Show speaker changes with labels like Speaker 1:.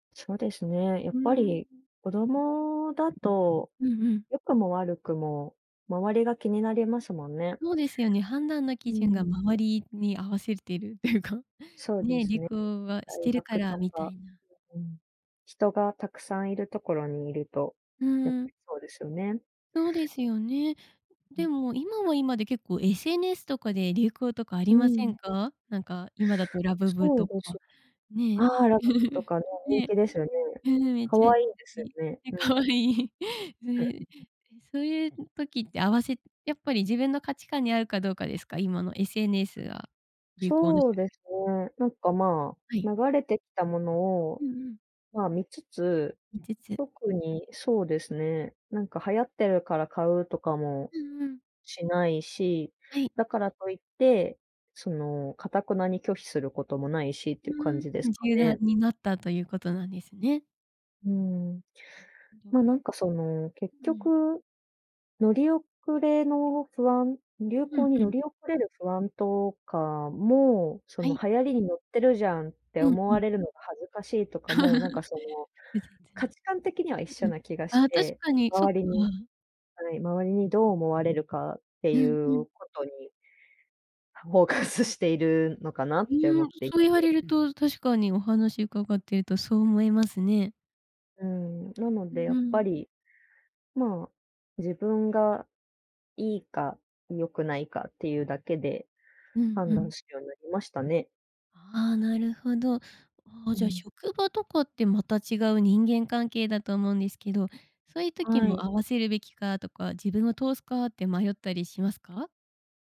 Speaker 1: そうですね、や
Speaker 2: ふ
Speaker 1: っ
Speaker 2: ー
Speaker 1: ぱり
Speaker 2: ん。
Speaker 1: 子供だと
Speaker 2: うんうん。
Speaker 1: 良くも悪くも周りが気になりますもんね。
Speaker 2: そうですよね、判断の基
Speaker 1: う
Speaker 2: 準が
Speaker 1: ん。
Speaker 2: 周りに合わせてっていうか、
Speaker 1: そうで
Speaker 2: ね、
Speaker 1: す
Speaker 2: 流
Speaker 1: ね。
Speaker 2: 行はし
Speaker 1: 大
Speaker 2: てるか
Speaker 1: 学
Speaker 2: ら
Speaker 1: と
Speaker 2: みた
Speaker 1: か。
Speaker 2: いな。
Speaker 1: うん。人がたくさんいるところにいると、
Speaker 2: う
Speaker 1: やっぱ
Speaker 2: ん。
Speaker 1: りそうですよね。
Speaker 2: そうですよね。
Speaker 1: うん。
Speaker 2: で
Speaker 1: う
Speaker 2: も今
Speaker 1: ん。
Speaker 2: は今で結構 SNS とかで流行とかあり
Speaker 1: う
Speaker 2: ませ
Speaker 1: ん。
Speaker 2: んか？なんか今だとラブブ
Speaker 1: そ
Speaker 2: と
Speaker 1: うです。
Speaker 2: かね。
Speaker 1: ああ、ラブブと かね、人
Speaker 2: ね、
Speaker 1: 気ですよね。
Speaker 2: うん、めっ
Speaker 1: 可
Speaker 2: ちゃい
Speaker 1: 愛いんですよ
Speaker 2: い。
Speaker 1: ね、うん。
Speaker 2: かわいい。う
Speaker 1: う
Speaker 2: ん。
Speaker 1: ん。
Speaker 2: そういう時って合わせやっぱり自分の価値観に合うかどうかですか？今の SNS は、流行の。
Speaker 1: そうです
Speaker 2: [unintelligible]
Speaker 1: ね、なんか、ま、
Speaker 2: はい。
Speaker 1: 流れてきたもの
Speaker 2: う
Speaker 1: を、
Speaker 2: んうん。
Speaker 1: ま、見つつ、
Speaker 2: 見つつ。
Speaker 1: 特にそうですね、なんか流行ってるから買うとかも
Speaker 2: うんうん。
Speaker 1: しないし、
Speaker 2: はい。
Speaker 1: だからといって、その、頑なに拒否することもないしっ
Speaker 2: ふ
Speaker 1: ていう感じです
Speaker 2: ーん、
Speaker 1: か
Speaker 2: 柔軟
Speaker 1: ね。
Speaker 2: になったということなんですね。
Speaker 1: うん。
Speaker 2: なるほど。
Speaker 1: ま、なんかその結
Speaker 2: うん。
Speaker 1: 局乗り遅れの不安流
Speaker 2: うん
Speaker 1: 行に
Speaker 2: う
Speaker 1: 乗
Speaker 2: ん。
Speaker 1: り遅れる不安とかも、そ
Speaker 2: は
Speaker 1: の
Speaker 2: い。
Speaker 1: 流行りに乗ってるじゃんって
Speaker 2: うん
Speaker 1: 思
Speaker 2: う
Speaker 1: わ
Speaker 2: ん。
Speaker 1: れるのが恥ずかしいとかも、なんか そ
Speaker 2: 複
Speaker 1: の
Speaker 2: 雑
Speaker 1: 価
Speaker 2: な、
Speaker 1: 値観的には一
Speaker 2: う
Speaker 1: 緒
Speaker 2: ん、
Speaker 1: な気がし
Speaker 2: ああ、確
Speaker 1: て、
Speaker 2: かに、そっ
Speaker 1: 周
Speaker 2: か。
Speaker 1: りにはい、周りにどう思われるかって
Speaker 2: う
Speaker 1: い
Speaker 2: んうん。
Speaker 1: うことに、フォーカスしているのかなっ
Speaker 2: う
Speaker 1: て
Speaker 2: ー
Speaker 1: 思
Speaker 2: ん、
Speaker 1: ってい
Speaker 2: そ
Speaker 1: て。
Speaker 2: う言われると確かにお話伺っているとそう思いますね。
Speaker 1: うん、なのでや
Speaker 2: う
Speaker 1: っぱ
Speaker 2: ん。
Speaker 1: り、ま、自分が
Speaker 2: う
Speaker 1: い
Speaker 2: ん。
Speaker 1: いか、よくないかっていうだけで、
Speaker 2: うんう
Speaker 1: 判
Speaker 2: ん。
Speaker 1: 断するようになりましたね。
Speaker 2: ああ、なるほど。ああ
Speaker 1: う
Speaker 2: じゃ、
Speaker 1: ん。
Speaker 2: 職場とかってまた違う人間関係だと思うんですけど、そういう時
Speaker 1: は
Speaker 2: も
Speaker 1: い。
Speaker 2: 合わせるべきかとか、自分を通すかって迷ったりしますか？